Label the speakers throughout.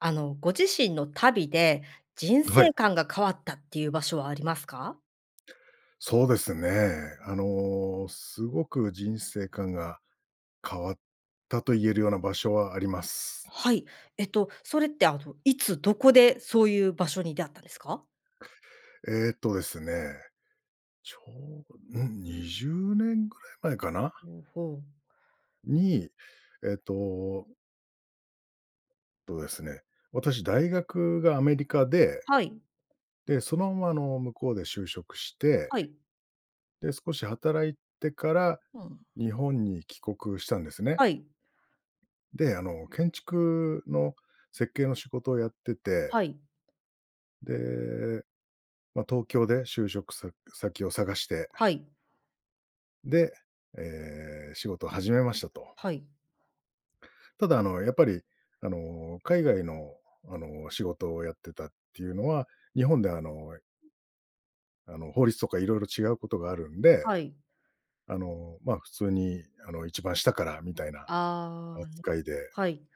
Speaker 1: あのご自身の旅で、人
Speaker 2: はい。
Speaker 1: 生観が変わったっていう場所はありますか？
Speaker 2: そうですね。あの、すごく人生観が変わったと言えるような場所はあります。
Speaker 1: はい。えっとそれってあのいつどこでそういう場所に出会ったんですか？
Speaker 2: えっとですね。ちょうど、うん20年ぐらい前かな。
Speaker 1: うん、ほう。
Speaker 2: に、えっと、えっとですね。私大学がアメリカで。
Speaker 1: はい。
Speaker 2: で、そのままの向こうで就職して、
Speaker 1: はい。
Speaker 2: で少し働いてから
Speaker 1: うん。
Speaker 2: 日本に帰国したんですね。
Speaker 1: はい。
Speaker 2: で、あの建築の設計の仕事をやってて。
Speaker 1: はい。
Speaker 2: で、ま、東京で就職さ先を探して。
Speaker 1: はい。
Speaker 2: で、ええ、仕事を始めましたと。
Speaker 1: はい。
Speaker 2: ただあのやっぱり、あの、海外の、あの、仕事をやってたっていうのは、日本ではあのあの法律とか色々違うことがあるんで。
Speaker 1: はい。
Speaker 2: あの、ま、普通にあの一番下からみたいな
Speaker 1: ああ、うん。
Speaker 2: 扱いで
Speaker 1: はい。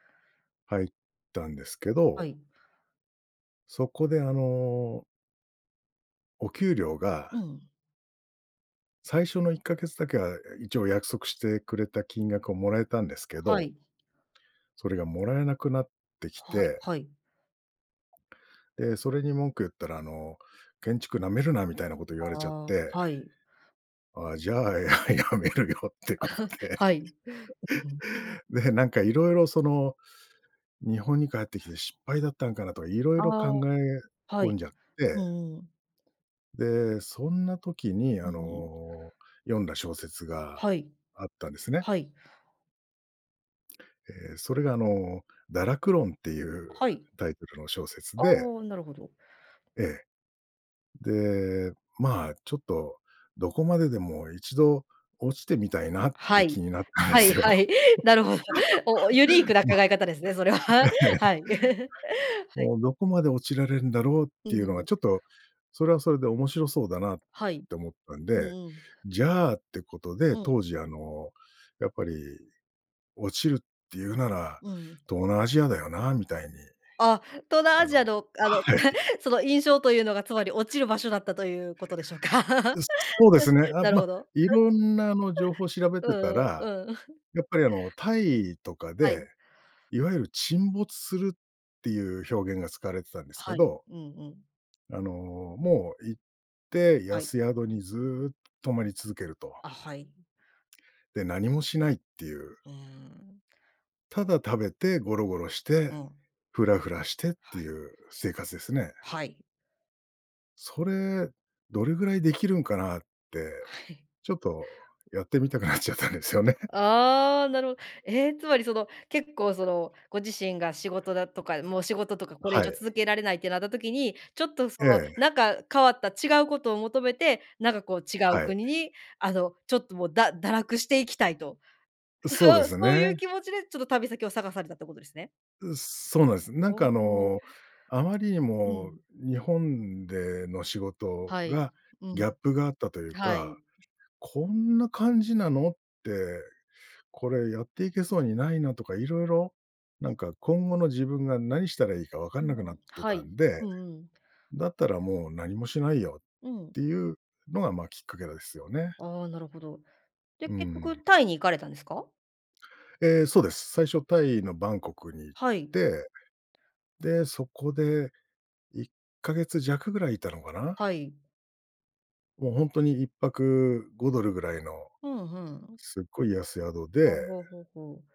Speaker 2: 入ったんですけ
Speaker 1: は
Speaker 2: ど
Speaker 1: い。
Speaker 2: そこであのお給料
Speaker 1: う
Speaker 2: が
Speaker 1: ん。
Speaker 2: 最初の1か月だけは一応約束してくれた金額をもらえたんですけ
Speaker 1: は
Speaker 2: ど
Speaker 1: い。
Speaker 2: それがもらえなくなってき
Speaker 1: はい
Speaker 2: て
Speaker 1: はい。
Speaker 2: え、それに文句言ったらあの建築なめるなみたいなこと言われちゃっ
Speaker 1: あ
Speaker 2: て。
Speaker 1: あ、はい。
Speaker 2: あ、じゃあ辞めるよってこと で。
Speaker 1: はい。
Speaker 2: で、なんかいろいろその、日本に帰ってきて失敗だったのかなとか色
Speaker 1: あ
Speaker 2: 々考
Speaker 1: あ、
Speaker 2: え
Speaker 1: は
Speaker 2: 込
Speaker 1: い。
Speaker 2: んじゃっ
Speaker 1: う
Speaker 2: て
Speaker 1: んうん。
Speaker 2: で、そんな時に
Speaker 1: う
Speaker 2: あ
Speaker 1: ん。
Speaker 2: の読んだ小説が
Speaker 1: はい。
Speaker 2: あったんですね。
Speaker 1: はい。
Speaker 2: え、それがあの堕落論っていう
Speaker 1: はい。
Speaker 2: タイトルの小説
Speaker 1: あ、
Speaker 2: で
Speaker 1: なるほど。
Speaker 2: ええ。で、ま、ちょっとどこまででも1度落ちてみたいなっ
Speaker 1: は
Speaker 2: て気
Speaker 1: い、
Speaker 2: になったんで
Speaker 1: はい
Speaker 2: すよ。
Speaker 1: はい、なるほど。お、ユニークな考
Speaker 2: まあ、
Speaker 1: え方ですね、それは。
Speaker 2: ええ。はい。
Speaker 1: はい、はい。
Speaker 2: もうどこまで落ちられるんだろうっ
Speaker 1: うん
Speaker 2: ていう
Speaker 1: う
Speaker 2: の
Speaker 1: んう
Speaker 2: は
Speaker 1: ん。
Speaker 2: ちょっと、それはそれで面白そうだなっ
Speaker 1: はい、
Speaker 2: て思ったん
Speaker 1: うん
Speaker 2: で、
Speaker 1: うん。
Speaker 2: じゃあってことで、
Speaker 1: うん。
Speaker 2: 当時あのやっぱり、落ちるっていうなら、
Speaker 1: うん。
Speaker 2: 東南アジアだよなみたいに。
Speaker 1: あ、東南
Speaker 2: あ
Speaker 1: アジア
Speaker 2: の
Speaker 1: のあの
Speaker 2: はい
Speaker 1: その印象というのがつまり落 ちる場所だったということでしょうか。
Speaker 2: いっ そうですね。あ、
Speaker 1: なる
Speaker 2: ま、
Speaker 1: ほど。
Speaker 2: いろんなあの情報を調べ
Speaker 1: う
Speaker 2: てた
Speaker 1: んう
Speaker 2: ら、
Speaker 1: ん、うん。
Speaker 2: やっぱりあのタイとか
Speaker 1: は
Speaker 2: で、
Speaker 1: い。
Speaker 2: いわゆる沈没するっていう
Speaker 1: [unintelligible]
Speaker 2: 表現が使われてたんですけ
Speaker 1: はい、
Speaker 2: ど
Speaker 1: うんうん。
Speaker 2: あのもう行って
Speaker 1: はい。
Speaker 2: 安宿にずっと泊まり続けると
Speaker 1: あ、はい。
Speaker 2: で、何もしないっていう。
Speaker 1: うーん。
Speaker 2: ただ食べてゴロゴロし
Speaker 1: う
Speaker 2: て、
Speaker 1: ん。
Speaker 2: フラフラしてっ
Speaker 1: は
Speaker 2: て
Speaker 1: い。
Speaker 2: いう生活ですね。
Speaker 1: はい。
Speaker 2: それ、どれぐらいできるんかなって、
Speaker 1: はい。
Speaker 2: ちょっとやってみたくなっちゃったんですよね。
Speaker 1: ああ、なるほええ、つまりその、結構そのご自身が仕事だとか、もう仕事とかこれ
Speaker 2: は
Speaker 1: 以上
Speaker 2: い。
Speaker 1: 続けられないってなった時に、ちょっとそ
Speaker 2: え
Speaker 1: の、
Speaker 2: え。
Speaker 1: なんか、変わった違うことを求めて、なんかこう、違う
Speaker 2: はい。
Speaker 1: 国に、あの、ちょっと、もう、だ堕落していきたいと、
Speaker 2: そうです
Speaker 1: そそうい
Speaker 2: ね。
Speaker 1: う気持ちでちょっと旅先を探されたってことですね。
Speaker 2: う、そうなんです。なん
Speaker 1: お
Speaker 2: かあ
Speaker 1: お。
Speaker 2: の、あまりに
Speaker 1: う
Speaker 2: も
Speaker 1: ん。
Speaker 2: 日本での仕事
Speaker 1: はい、
Speaker 2: が
Speaker 1: うん、
Speaker 2: ギャップがあったという
Speaker 1: は
Speaker 2: か、
Speaker 1: い。
Speaker 2: 「こんな感じなの？」って。これやっていけそうにないなとか色々、なんか、今後の自分が何したらいいかわか
Speaker 1: う
Speaker 2: んなくなっ
Speaker 1: ん、
Speaker 2: て
Speaker 1: は
Speaker 2: た
Speaker 1: い。
Speaker 2: んで、
Speaker 1: うんうん。
Speaker 2: だったらもう何もしないよっ
Speaker 1: うん。
Speaker 2: ていうのが、まあ、きっかけだですよね。
Speaker 1: ああ、なるほど。で、
Speaker 2: う
Speaker 1: 結
Speaker 2: ん。
Speaker 1: 局タイに行かれたんですか？
Speaker 2: ええ、そうです。最初タイのバンコクに行っ
Speaker 1: はい。
Speaker 2: て、で、そこで1か月弱ぐらいいたのかな。
Speaker 1: はい。
Speaker 2: もうほんとに1泊5ドルぐらいの。
Speaker 1: ふんふん。
Speaker 2: すっごい安宿で。
Speaker 1: ほうほうほうほう。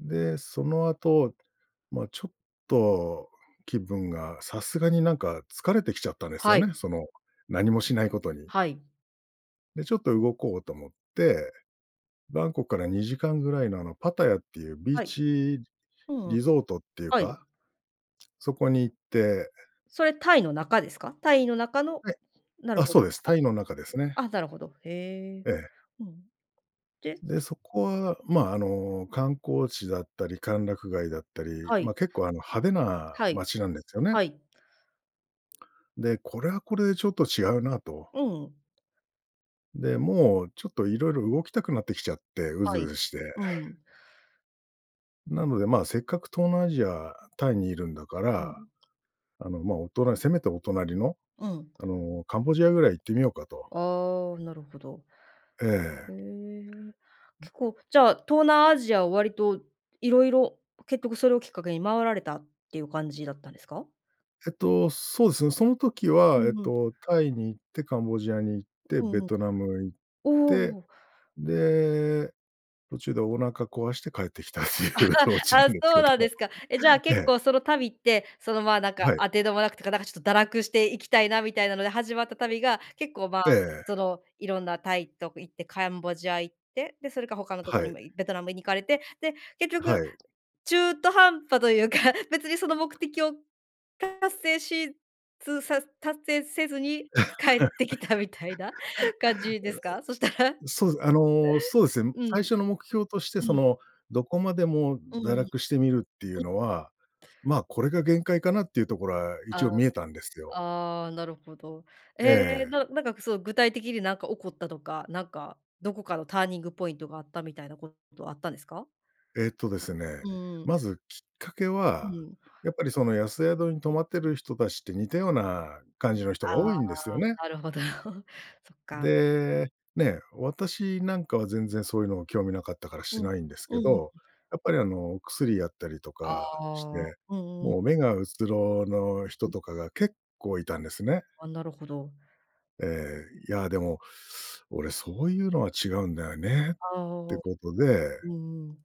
Speaker 2: で、その後、ま、ちょっと気分がさすがになんか、疲れてきちゃったんですよ
Speaker 1: はい。
Speaker 2: ね。その何もしないことに。
Speaker 1: はい。
Speaker 2: で、ちょっと動こうと思って、バンコクから2時間ぐらいのあの、パタヤっていうビー
Speaker 1: はい。
Speaker 2: チ
Speaker 1: うんうん。
Speaker 2: リゾートっていう
Speaker 1: はい。
Speaker 2: か、そこに行って、え
Speaker 1: それタイの中ですか？タイの中の
Speaker 2: はい。
Speaker 1: なる
Speaker 2: あ、
Speaker 1: ほ
Speaker 2: そ
Speaker 1: ど。
Speaker 2: うです。タイの中ですね。
Speaker 1: あ、あ、なるほど、へえ、
Speaker 2: ええ。
Speaker 1: うん、で
Speaker 2: で、そこは、まあ、あの観光地だったり歓楽街だったり、
Speaker 1: はい。
Speaker 2: ま、結構あの派手な
Speaker 1: はい、
Speaker 2: 街なんですよね。
Speaker 1: はい。
Speaker 2: で、これはこれでちょっと違うなと。
Speaker 1: うんうん。
Speaker 2: で、もう、ちょっと色々動きたくなってきちゃって、うず
Speaker 1: は
Speaker 2: う
Speaker 1: い。
Speaker 2: ずして。
Speaker 1: うんう ん。
Speaker 2: なので、ま、せっかく東南アジアタイにいるんだか
Speaker 1: う
Speaker 2: ら、
Speaker 1: ん。
Speaker 2: あの、ま、おとなせめてお隣の、
Speaker 1: うん。
Speaker 2: あのカンボジアぐらい行ってみようかと。
Speaker 1: ああ、なるほど。
Speaker 2: ええ
Speaker 1: へ
Speaker 2: ええ。
Speaker 1: え、
Speaker 2: うん。
Speaker 1: 結構じゃあ、東南アジアは割と色々、結局それをきっかけに回られたっていう感じだったんですか？
Speaker 2: えっと、そうですね。その時
Speaker 1: う
Speaker 2: はえっ
Speaker 1: んうん。
Speaker 2: と、タイに行って、カンボジアに行って、
Speaker 1: うん
Speaker 2: ベ
Speaker 1: うん。
Speaker 2: トナム行っ
Speaker 1: お
Speaker 2: て、
Speaker 1: お。
Speaker 2: で、途中でお腹壊して帰ってきたっ
Speaker 1: あ
Speaker 2: ていうオ
Speaker 1: あ、
Speaker 2: チな
Speaker 1: ああ、
Speaker 2: んです
Speaker 1: そ
Speaker 2: け
Speaker 1: うなんで
Speaker 2: ど。
Speaker 1: すか。え、じゃあ
Speaker 2: え
Speaker 1: 結
Speaker 2: え。
Speaker 1: 構その旅って、その、ま、なんか、
Speaker 2: はい。
Speaker 1: あてどもなくとか、なんかちょっと堕落して行きたいな、みたいなので始まった旅が、結構、ま、
Speaker 2: あ。え
Speaker 1: そ
Speaker 2: え。
Speaker 1: の色んなタイと行ってカンボジア行って、でそれか他のとこ
Speaker 2: は
Speaker 1: に
Speaker 2: い。
Speaker 1: もいベトナムに行かれて、で結局
Speaker 2: はい。
Speaker 1: 中途半端というか、別にその目的を達成しつさ達成せずに帰ってきたみたいな 感じですか？そしたら。
Speaker 2: そうです、あの、そうですね、
Speaker 1: う
Speaker 2: 最
Speaker 1: ん。
Speaker 2: 初の目標として
Speaker 1: う
Speaker 2: そ
Speaker 1: ん。
Speaker 2: の、どこまでも
Speaker 1: うんう
Speaker 2: 堕
Speaker 1: ん。う
Speaker 2: 落してみるっていう
Speaker 1: ん。
Speaker 2: のは、ま、これが限界かなっていうところは、一応
Speaker 1: あ、
Speaker 2: 見えたんですよ。
Speaker 1: ああ、なるほど。
Speaker 2: え
Speaker 1: ええ、
Speaker 2: え。
Speaker 1: ななんかそう、具体的になんか起こったとか、なんかどこかのターニングポイントがあったみたいなこと、あったんですか？
Speaker 2: えっとですね、
Speaker 1: うん。
Speaker 2: まずきっかけ
Speaker 1: う
Speaker 2: は、
Speaker 1: ん。
Speaker 2: やっぱりその安宿に泊まってる人たちって、似
Speaker 1: そ
Speaker 2: た
Speaker 1: の
Speaker 2: ような感じの人が
Speaker 1: あ
Speaker 2: 多いんですよ
Speaker 1: あ、
Speaker 2: ね。
Speaker 1: なるほど。そっか。
Speaker 2: で、ね、私なんかは全然そういうの興味なかったから
Speaker 1: うん、
Speaker 2: し
Speaker 1: うん
Speaker 2: ないんですけ
Speaker 1: うん
Speaker 2: ど、
Speaker 1: うん。
Speaker 2: やっぱりあの、お薬やったりと
Speaker 1: あ
Speaker 2: かして、
Speaker 1: あ、うんうんうん。
Speaker 2: もう目がうつろの人
Speaker 1: うん。
Speaker 2: とかが結構いたんですね。
Speaker 1: あ、なるほど。
Speaker 2: ええ、いやでも、「俺そういうのは違うんだよね」っ
Speaker 1: あ
Speaker 2: て
Speaker 1: あ。
Speaker 2: ことで
Speaker 1: うんうん。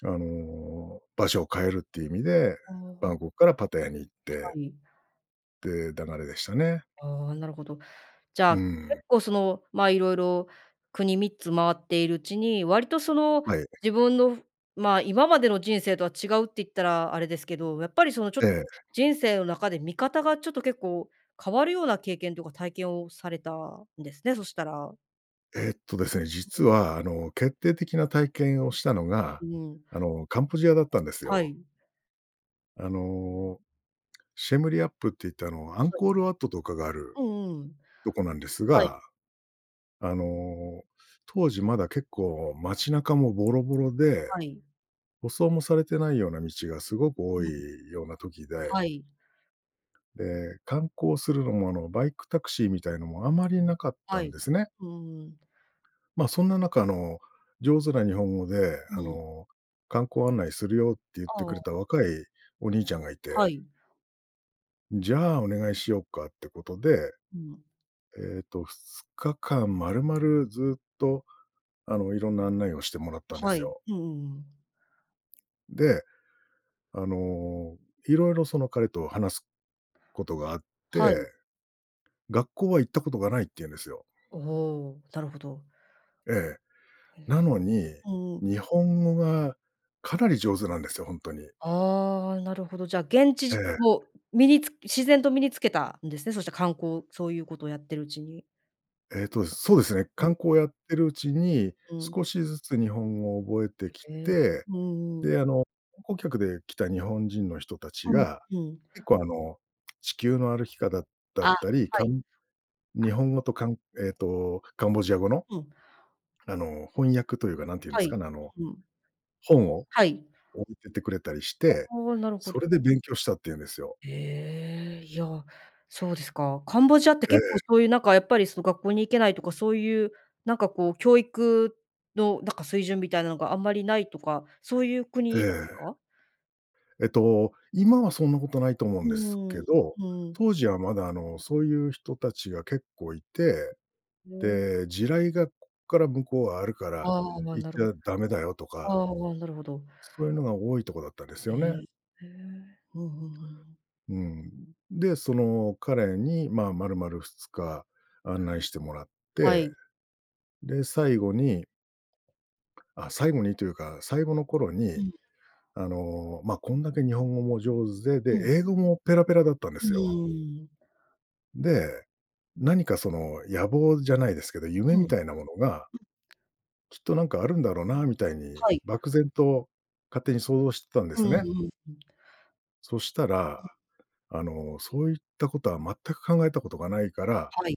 Speaker 2: あの、場所を変えるっていう意味で、
Speaker 1: ああ、う
Speaker 2: バ
Speaker 1: ん。
Speaker 2: ンコクからパタヤに行っ
Speaker 1: は
Speaker 2: て。
Speaker 1: い。
Speaker 2: って、流れでしたね。
Speaker 1: ああ、なるほど。じゃ
Speaker 2: う
Speaker 1: あ、
Speaker 2: ん。
Speaker 1: 結構、その、まあ、色々、国3つ回っているうちに、割と、その、
Speaker 2: はい。ｒ
Speaker 1: 自分の、まあ、今までの人生とは違うって言ったらあれですけど、やっぱりそのちょ
Speaker 2: ええ。
Speaker 1: 人生の中で見方がちょっと結構変わるような経験とか体験をされたんですね、そしたら。
Speaker 2: えっとですね、
Speaker 1: う
Speaker 2: 実
Speaker 1: ん。
Speaker 2: は、あ
Speaker 1: [unintelligible]
Speaker 2: の、決定的な体験をしたのが、
Speaker 1: うん。
Speaker 2: あの、カンボジアだったんです
Speaker 1: は
Speaker 2: よ。
Speaker 1: い。
Speaker 2: あの、シェムリアップって言って、あの、アン
Speaker 1: はい。
Speaker 2: コールワットとかがある
Speaker 1: うんうん。
Speaker 2: とこなんです
Speaker 1: はい。
Speaker 2: が。あの、当時まだ結構街中もボロボロで。
Speaker 1: はい。
Speaker 2: 舗装もされてないような道がすごく多
Speaker 1: [unintelligible]
Speaker 2: いような時で
Speaker 1: はい。
Speaker 2: で、観光するのも、あの、バイクタクシーみたいのも、あまりなかっ
Speaker 1: は
Speaker 2: たん
Speaker 1: い、
Speaker 2: ですね。
Speaker 1: ふーん。
Speaker 2: まあ、そんな中の、上手な日本語で、あ
Speaker 1: うん。
Speaker 2: の、観光案内するよって言って
Speaker 1: あ
Speaker 2: くれ
Speaker 1: あ。
Speaker 2: た若いお兄ちゃんがいて
Speaker 1: はい。
Speaker 2: んじゃあお願いしようか、ってことで。
Speaker 1: うん。
Speaker 2: ええと、2日間まるまるずっと、あの、いろんな案内をしてもらったんで
Speaker 1: は
Speaker 2: す
Speaker 1: い。
Speaker 2: よ。
Speaker 1: うんうんうん。
Speaker 2: で、あの、色々その彼と話すことがあっ
Speaker 1: は
Speaker 2: て。
Speaker 1: い。
Speaker 2: 学校は行ったことがないって言うんですよ。
Speaker 1: おお、なるほど。
Speaker 2: ええ、
Speaker 1: う
Speaker 2: な
Speaker 1: ん。
Speaker 2: のに、
Speaker 1: うんうん。
Speaker 2: 日本語がかなり上手なんですよ、ほんとに。
Speaker 1: ああ、なるほど。じゃあ、げんち
Speaker 2: え
Speaker 1: じ
Speaker 2: え。
Speaker 1: をみにつ自然と身につけたんですね。そしたら観光そういうことやってるうちに。
Speaker 2: えっと、そうですね。
Speaker 1: う
Speaker 2: 観
Speaker 1: ん。
Speaker 2: 光をやってるうちに
Speaker 1: うん。
Speaker 2: 少しずつ日本語を覚えてき
Speaker 1: へえ、
Speaker 2: て、
Speaker 1: うんうん。
Speaker 2: で、あの、観光客で来た日本人の人達
Speaker 1: うん
Speaker 2: が
Speaker 1: うん。
Speaker 2: 結構、あの、地球の歩き方だ
Speaker 1: あ、
Speaker 2: ったり、
Speaker 1: は
Speaker 2: か
Speaker 1: い。
Speaker 2: ん日
Speaker 1: あ。
Speaker 2: 本語とかんえっと、カンボジア語の、
Speaker 1: うん。
Speaker 2: あの、翻訳というか、何て言うんで
Speaker 1: は
Speaker 2: す
Speaker 1: い。
Speaker 2: かね、あの、
Speaker 1: うん。
Speaker 2: 本を
Speaker 1: はい。
Speaker 2: 置いてってくれたりし
Speaker 1: あ
Speaker 2: て、
Speaker 1: あ、なるほ
Speaker 2: そ
Speaker 1: ど。
Speaker 2: れで勉強したって言うんですよ。
Speaker 1: へえ、いや、そうですか。カンボジアって
Speaker 2: え
Speaker 1: 結構
Speaker 2: え。
Speaker 1: そういうなんかやっぱり、その、学校に行けないとかそういう、なんか、こう、教育の、なんか、水準みたいなのがあんまりないとか、そういう
Speaker 2: え
Speaker 1: 国なんす
Speaker 2: え。
Speaker 1: か？
Speaker 2: えっと、今はそんなことないと思う
Speaker 1: う
Speaker 2: んです
Speaker 1: ー
Speaker 2: け
Speaker 1: ん、
Speaker 2: ど、
Speaker 1: うん。
Speaker 2: 当時はまだ、あの、そういう人たちが結構いて、
Speaker 1: へえ。
Speaker 2: で、地雷がこっから向こうはあるから
Speaker 1: ああ、ま、
Speaker 2: 行っ
Speaker 1: な
Speaker 2: ち
Speaker 1: るほ
Speaker 2: ゃダメだよとか、
Speaker 1: ああ、なるほど。
Speaker 2: そういうのが多いとこだったんです
Speaker 1: へ
Speaker 2: よね。
Speaker 1: えへえ。うんうんうん。
Speaker 2: うん、で、その彼に、まあ、丸々2日案内してもらっ
Speaker 1: は
Speaker 2: て、
Speaker 1: い。
Speaker 2: で最後にあ、最後にというか、最後の頃
Speaker 1: う
Speaker 2: に
Speaker 1: ん。
Speaker 2: あの、まあ、こんだけ日本語も上手
Speaker 1: う
Speaker 2: で、で、
Speaker 1: ん。
Speaker 2: 英語もペラペラだったんで
Speaker 1: う
Speaker 2: すよ。
Speaker 1: ーん。
Speaker 2: で、何かその野望じゃないですけど、夢
Speaker 1: うん。
Speaker 2: み
Speaker 1: う
Speaker 2: たいなものが
Speaker 1: ん。
Speaker 2: きっとなんかあるんだろうなみたいに、
Speaker 1: はい。
Speaker 2: 漠然と勝手に想像してたんで
Speaker 1: うん
Speaker 2: す
Speaker 1: う
Speaker 2: ね。
Speaker 1: んうん。
Speaker 2: そしたら、
Speaker 1: うん。
Speaker 2: あの「そういったことは全く考えたことがないから」
Speaker 1: はい。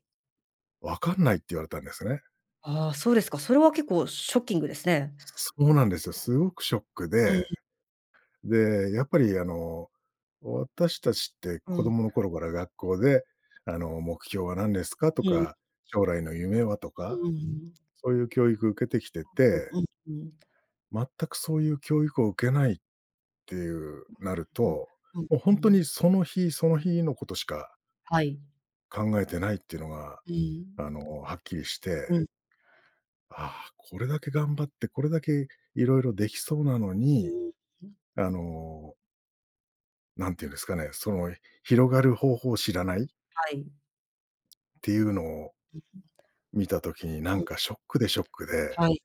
Speaker 2: 「わかんない」って言われたんですね。
Speaker 1: ああ、そうですか、それは結構ショッキングですね。
Speaker 2: そうなんですよ。すごくショック
Speaker 1: うんう
Speaker 2: で。
Speaker 1: ん。
Speaker 2: で、やっぱりあの、私たちって
Speaker 1: う
Speaker 2: 子
Speaker 1: ん。
Speaker 2: 供の頃から学校で、あの、「目標は何ですか？」と
Speaker 1: うん。
Speaker 2: か、「将来の夢は？」とか、
Speaker 1: うーん。
Speaker 2: そういう教育受けてきて
Speaker 1: うう、
Speaker 2: て
Speaker 1: うんうん。
Speaker 2: 全くそういう教育を受けないっていう、なる
Speaker 1: うん、
Speaker 2: と、
Speaker 1: うん、
Speaker 2: もうほ
Speaker 1: う
Speaker 2: んと
Speaker 1: んう
Speaker 2: に
Speaker 1: ん。
Speaker 2: その日、その日のことしか
Speaker 1: はい。
Speaker 2: 考えてないっていうのが、
Speaker 1: うん。
Speaker 2: あの、はっきりして。
Speaker 1: うん。
Speaker 2: ああ、これだけ頑張って、これだけ色々できそうなの
Speaker 1: う
Speaker 2: に、
Speaker 1: ーん。うん。
Speaker 2: あのなんて言うんですかね、その、広がる方法を知らない
Speaker 1: はい。
Speaker 2: っていうのを
Speaker 1: [unintelligible]
Speaker 2: 見た時になん
Speaker 1: はい。
Speaker 2: かショックで、ショックで。
Speaker 1: はい。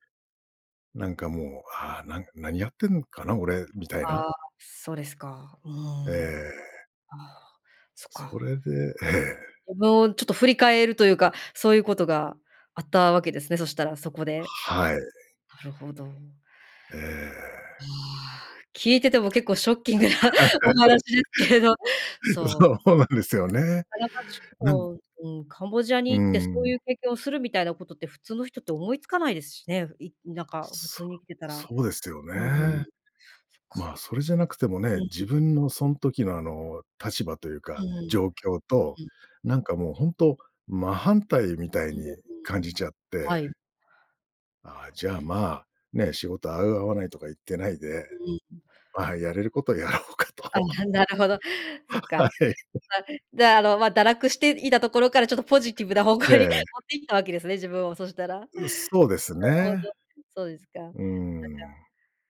Speaker 2: なんかもう、ああ、なん何やってんのかな、俺、みたいな。
Speaker 1: あ、そうですか。うー
Speaker 2: え
Speaker 1: ん。あ
Speaker 2: え。
Speaker 1: あ、そっ
Speaker 2: そ
Speaker 1: か。
Speaker 2: れでええ。
Speaker 1: 自分をちょっと振り返るというか、そういうことがあったわけですね。そしたらそこで。
Speaker 2: はい。
Speaker 1: なるほど。
Speaker 2: え
Speaker 1: うー
Speaker 2: え。
Speaker 1: ん、聞いてても結構ショッキングなお話ですけれど、そう。
Speaker 2: そうなんですよね。なん
Speaker 1: こう、うん、カンボジア
Speaker 2: う
Speaker 1: に行ってそう
Speaker 2: ん。
Speaker 1: いう経験をするみたいなことって普通の人って思いつかないですしね、いなんか、普
Speaker 2: そ
Speaker 1: 通に生きてたら。うん。
Speaker 2: そうですよ
Speaker 1: そ
Speaker 2: ね。
Speaker 1: っか。
Speaker 2: ま、それじゃなくても
Speaker 1: う
Speaker 2: ね、
Speaker 1: ん。
Speaker 2: 自分のそん時の、あの、立場という
Speaker 1: うん
Speaker 2: か
Speaker 1: うん。
Speaker 2: 状況と、
Speaker 1: うん。
Speaker 2: なんか、もう、ほんと真反対みたい
Speaker 1: うん
Speaker 2: に
Speaker 1: うん
Speaker 2: 感
Speaker 1: うんうん。
Speaker 2: じちゃっ
Speaker 1: は
Speaker 2: て。
Speaker 1: い。なる
Speaker 2: あ、じ
Speaker 1: ほ
Speaker 2: ゃあ、
Speaker 1: ど。
Speaker 2: ま、ね、仕事合う合わないとか言ってないで、
Speaker 1: うん。
Speaker 2: あ、やれることをやろうか
Speaker 1: あ
Speaker 2: と。
Speaker 1: あ、なるほど、そっ
Speaker 2: は
Speaker 1: か。
Speaker 2: い。
Speaker 1: あ、じゃあ、あの、ま、堕落していたところからちょっとポジティブな方
Speaker 2: え
Speaker 1: 向に持
Speaker 2: え。
Speaker 1: ってきたわけですね、自分を、そしたら。なる
Speaker 2: う、そうです
Speaker 1: ほど、
Speaker 2: ね。
Speaker 1: そうですか。なんか、
Speaker 2: うーん。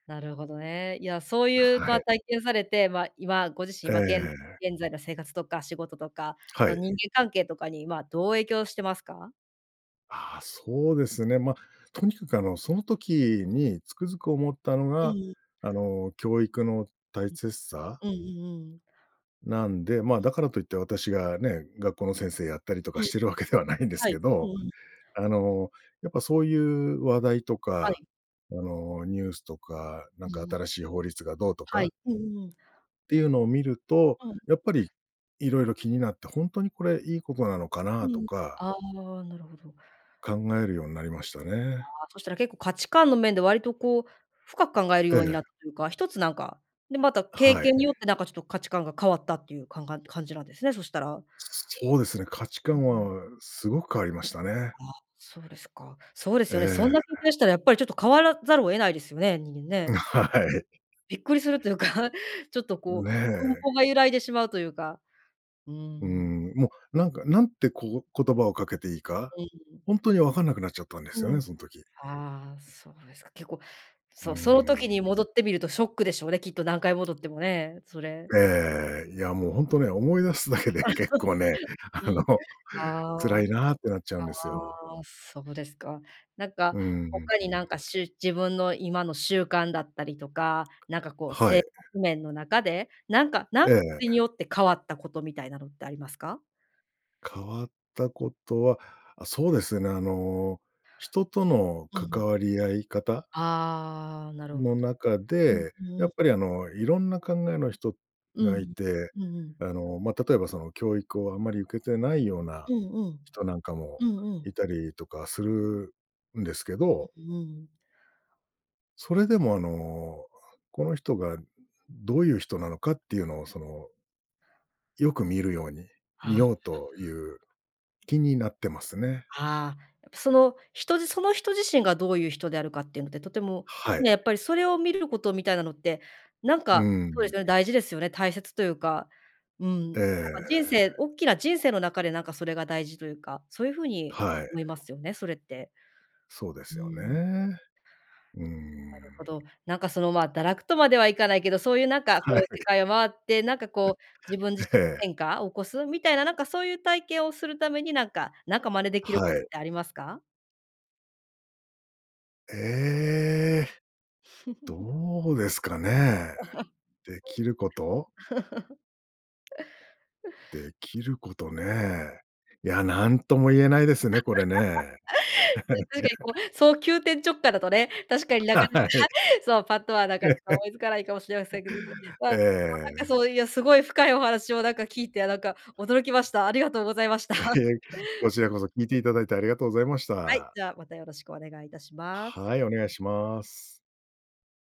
Speaker 1: なるほどね。いや、そういう、
Speaker 2: は
Speaker 1: ぱ
Speaker 2: い。
Speaker 1: 体験されて、ま、今ご自身
Speaker 2: え
Speaker 1: はげん
Speaker 2: え。
Speaker 1: 現在の生活とか仕事とか、あ
Speaker 2: は
Speaker 1: と
Speaker 2: い。
Speaker 1: 人間関係とかに、ま、どう影響してますか？
Speaker 2: ああ、そうですね。ま、とにかく、あの、その時につくづく思ったの
Speaker 1: う
Speaker 2: が、
Speaker 1: ん。
Speaker 2: あの、教育の大切さ？
Speaker 1: うんうんうん。
Speaker 2: なんで、ま、だからといって私がね、学校の先生やったりとか
Speaker 1: うん。
Speaker 2: してるわけではないんです
Speaker 1: は
Speaker 2: け
Speaker 1: い。うん
Speaker 2: ど、
Speaker 1: うん。
Speaker 2: あの、やっぱそういう話題と
Speaker 1: は
Speaker 2: か、
Speaker 1: い。
Speaker 2: あの、ニュースとか、な
Speaker 1: う
Speaker 2: んか、
Speaker 1: ん。
Speaker 2: 新しい法律がどうと
Speaker 1: は
Speaker 2: か？
Speaker 1: い。うんうん。
Speaker 2: っていうのを見ると、
Speaker 1: うん。
Speaker 2: やっぱり、いろいろ気になって、ほんとにこれいいことなのか
Speaker 1: う
Speaker 2: な？と
Speaker 1: ん、
Speaker 2: か
Speaker 1: ああ、なるほど。
Speaker 2: 考えるようになりましたね。
Speaker 1: ああ、そしたら結構価値観の面で割と、こう、深く考える
Speaker 2: え
Speaker 1: ように
Speaker 2: え。
Speaker 1: なったというか、一つなんかで、また経
Speaker 2: はい。
Speaker 1: 験によって、なんか、ちょっと価値観が変わったっていうかんが、感じなんですね、そしたら。
Speaker 2: そうですね、価値
Speaker 1: う
Speaker 2: 観
Speaker 1: ん。
Speaker 2: はすごく変わりましたね。
Speaker 1: あ、そうですか。そうです
Speaker 2: え
Speaker 1: よね、そん
Speaker 2: え。
Speaker 1: な経験したらやっぱりちょっと変わらざるを得ないですよね、人間
Speaker 2: ん、
Speaker 1: ね。
Speaker 2: はい。
Speaker 1: びっくりするというか、ちょっと、
Speaker 2: ん
Speaker 1: こう、根
Speaker 2: ね。
Speaker 1: 本が揺らいでしまうというか、う
Speaker 2: う
Speaker 1: ん。
Speaker 2: ん、もう、なんか、何て、こう、言葉をかけていいか、
Speaker 1: うん。
Speaker 2: ほんとにわかんなくなっちゃったんですよ
Speaker 1: うん。
Speaker 2: ね、そん時。
Speaker 1: ああ、そうですか、結構
Speaker 2: う
Speaker 1: そう、その時
Speaker 2: ーん。
Speaker 1: に戻ってみるとショックでしょうね、きっと何回戻ってもね、それ。
Speaker 2: ええ、いや、もう、ほんとね、思い出すだけで結構ね、あ
Speaker 1: う
Speaker 2: の、
Speaker 1: ん。ああ。
Speaker 2: 辛いなあってなっちゃうんですよ。
Speaker 1: ああ、そうですか。なんか、
Speaker 2: うんうんうん。
Speaker 1: 他になんかしゅ自分の今の習慣だったりとか、なんか、こう、
Speaker 2: は
Speaker 1: 生
Speaker 2: い。
Speaker 1: 活面の中で、なんか、なん
Speaker 2: え
Speaker 1: に
Speaker 2: え。
Speaker 1: よって変わったことみたいなのってありますか？
Speaker 2: 変わったことは、あ、そうですね。あの、人との
Speaker 1: うん。
Speaker 2: 関わり合い方？
Speaker 1: ああ、なるほ
Speaker 2: の中
Speaker 1: ど。うん
Speaker 2: で、や
Speaker 1: う
Speaker 2: っ
Speaker 1: ん。
Speaker 2: ぱり、あの、いろんな考えの人
Speaker 1: う
Speaker 2: がい
Speaker 1: ん。
Speaker 2: て、
Speaker 1: うんうん。
Speaker 2: あの、ま、例えば、その、教育をあまり受けてないような
Speaker 1: うんうん。
Speaker 2: 人なんかも
Speaker 1: うんう
Speaker 2: い
Speaker 1: ん。
Speaker 2: たりとかするんですけど
Speaker 1: うんうん。
Speaker 2: それでもあの、この人がどういう人なのかっていうのをそのよく見るように、
Speaker 1: あ
Speaker 2: 見
Speaker 1: あ。
Speaker 2: ようという気になってますね。
Speaker 1: ああ、やっぱその人じその人自身がどういう人であるかっていうので、とても
Speaker 2: はい。
Speaker 1: ね、やっぱりそれを見ることみたいなのって、なん
Speaker 2: う
Speaker 1: か、そうです
Speaker 2: ん。
Speaker 1: よね、大事ですよね、大切というか、うん、なん
Speaker 2: え
Speaker 1: か人生
Speaker 2: え。
Speaker 1: 大きな人生の中でなんかそれが大事というか、そういうふうに
Speaker 2: はい。
Speaker 1: 思いますよね、それって。
Speaker 2: そうです
Speaker 1: う
Speaker 2: よ
Speaker 1: ん。
Speaker 2: ね。うー
Speaker 1: なるほ
Speaker 2: ん。
Speaker 1: ど、なんかそのま堕落とまではいかないけど、そういうなんかこ
Speaker 2: は
Speaker 1: う、
Speaker 2: い。
Speaker 1: 世界を回って、なんかこう自分じ
Speaker 2: え
Speaker 1: し
Speaker 2: え。
Speaker 1: 変化を起こすみたいななんかそういう体験をするためになんか、なんか真似できるこ
Speaker 2: は
Speaker 1: とっ
Speaker 2: い。
Speaker 1: てありますか？
Speaker 2: ええ。どうですかね。できる こと？できることね。いや、なんとも言えないですね、これね。
Speaker 1: 確かにこ うそう急転直下だとね、確かにな
Speaker 2: は
Speaker 1: かなか、
Speaker 2: い。
Speaker 1: そうパッとはなかな
Speaker 2: え
Speaker 1: か
Speaker 2: え。
Speaker 1: 思いつかないかもしれませんけど、まあ、
Speaker 2: え
Speaker 1: まあ、なんか
Speaker 2: え。
Speaker 1: そういうすごい深いお話をなんか聞いてなんか驚きました。ありがとうございました。
Speaker 2: いえ、こちらこそ聞いていただいてありがとうございまし
Speaker 1: はい、
Speaker 2: た。
Speaker 1: じゃあまたよろしくお願いいたします。
Speaker 2: はい、お願いします。